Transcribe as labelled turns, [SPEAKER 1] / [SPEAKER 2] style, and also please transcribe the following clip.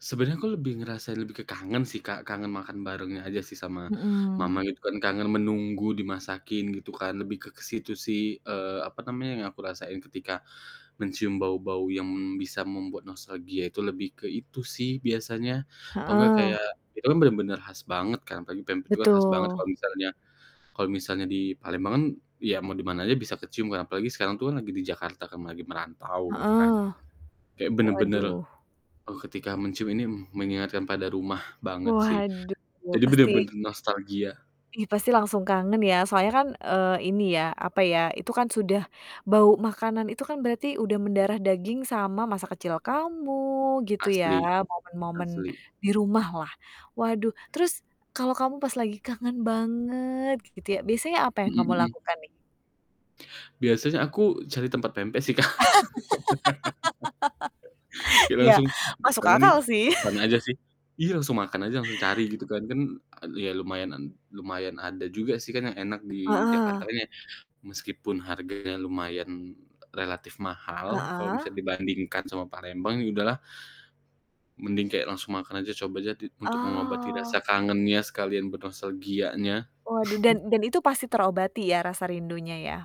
[SPEAKER 1] Sebenernya aku lebih ngerasain, lebih ke kangen sih Kak, kangen makan barengnya aja sih sama
[SPEAKER 2] Mhm.
[SPEAKER 1] mama itu kan, kangen menunggu dimasakin gitu kan, lebih ke ke situ sih, eee, apa namanya, yang aku rasain ketika mencium bau-bau yang bisa membuat nostalgia itu lebih ke itu sih, biasanya. Atau nggak
[SPEAKER 2] Heeh.
[SPEAKER 1] kayak itukan bener-bener khas banget kan, apalagi pempek itu kan khas banget kalau
[SPEAKER 2] Betul.
[SPEAKER 1] misalnya kalau misalnya di Palembang kan ya mau di mana aja bisa kecium kan apalagi sekarang tuh kan lagi di Jakarta kan, lagi merantau gitu kan.
[SPEAKER 2] Heeh.
[SPEAKER 1] Kayak bener bener,
[SPEAKER 2] Waduh.
[SPEAKER 1] eee, ketika mencium ini mengingatkan pada rumah banget sih.
[SPEAKER 2] Waduh,
[SPEAKER 1] Jadi bener
[SPEAKER 2] pasti
[SPEAKER 1] bener nostalgia.
[SPEAKER 2] Ih, pasti langsung kangen ya, soalnya kan, eee, ini ya, apa ya, itu kan sudah bau makanan itu kan berarti udah mendarah daging sama masa kecil kamu gitu ya,
[SPEAKER 1] Asli,
[SPEAKER 2] momen-momen
[SPEAKER 1] asli.
[SPEAKER 2] di rumah lah. Waduh, terus kalau kamu pas lagi kangen banget gitu ya, biasanya apa yang
[SPEAKER 1] Mhm
[SPEAKER 2] kamu
[SPEAKER 1] mhm.
[SPEAKER 2] lakukan nih?
[SPEAKER 1] Biasanya aku cari tempat pempek sih Kak. Kita
[SPEAKER 2] ya,
[SPEAKER 1] langsung
[SPEAKER 2] masuk
[SPEAKER 1] kangen ini
[SPEAKER 2] akal sih.
[SPEAKER 1] pesan aja sih, iya langsung makan aja langsung cari gitu kan, kan e iya lumayan nan lumayan ada juga sih, kan yang enak di
[SPEAKER 2] Heeh.
[SPEAKER 1] Jakarta ini, meskipun harganya lumayan relatif mahal, kalo
[SPEAKER 2] Heeh.
[SPEAKER 1] misalnya dibandingkan sama Palembang ya udahlah, mending kayak langsung makan aja coba aja di untuk mengobati rasa
[SPEAKER 2] Oh.
[SPEAKER 1] kangennya sekalian bernostalgianya.
[SPEAKER 2] Waduh, dan dan itu pasti terobati ya rasa rindunya ya.